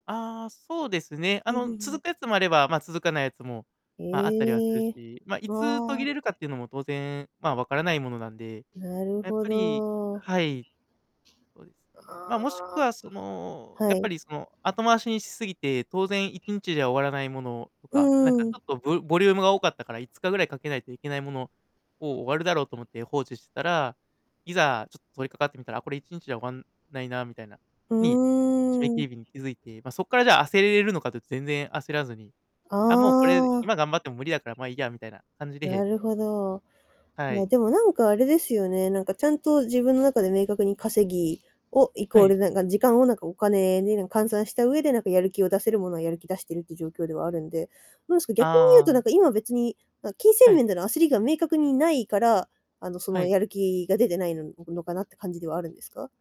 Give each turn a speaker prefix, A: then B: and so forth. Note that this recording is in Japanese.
A: ああ、そうですね。
B: う
A: あ
B: んう
A: の、
B: ん
A: 続くやつもあれば、ま、続かないやつも、
B: うん。
A: ま、あったりはする
B: ええ。
A: し。ま、いつ途
B: あ
A: 切
B: あ。
A: れるかっていうのも当然、ま、わからないものなんで、
B: なる
A: やっ
B: ほ
A: ぱり
B: ど。
A: はい。ま、もしく
B: あ
A: はその、
B: あ、は
A: やっぱ
B: い。
A: りその、後回しにしすぎて当然1日で終わらないものと
B: う
A: か、なんか
B: んう
A: ちょ
B: ん。
A: っとぶボリュームが多かったから、5日ぐらいかけないといけないものを終わるだろうと思って放置してたら、いざちょっと取りかかってみたら、あ、これ1日で終わんないなみたいな。
B: う
A: に、締め切
B: ーん。
A: り日に気づいて、ま、そっからじゃあ焦れるのかと全然焦らずに。
B: あ
A: 「あ、もうこれ今
B: あ。
A: 頑張っても無理だからま、いいや」みたいな感じ
B: な
A: で
B: るほど。
A: は
B: ま、
A: い。
B: でもなんかあれですよね、なんかちゃんと自分の中で明確に稼ぎをイコ
A: は
B: ー
A: い。
B: ルなんか時間をなんかお金に換算した上で、なんかやる気を出せるものはやる気出してるっていう状況ではあるんで。どうですか、逆に言うと、
A: あ
B: なん
A: あ。
B: か今別に、ま、金銭
A: はい。
B: 面での焦りが明確に無いから、あのそ
A: は
B: の、
A: い。
B: やる気が出てないのかなって感じではあるんですか？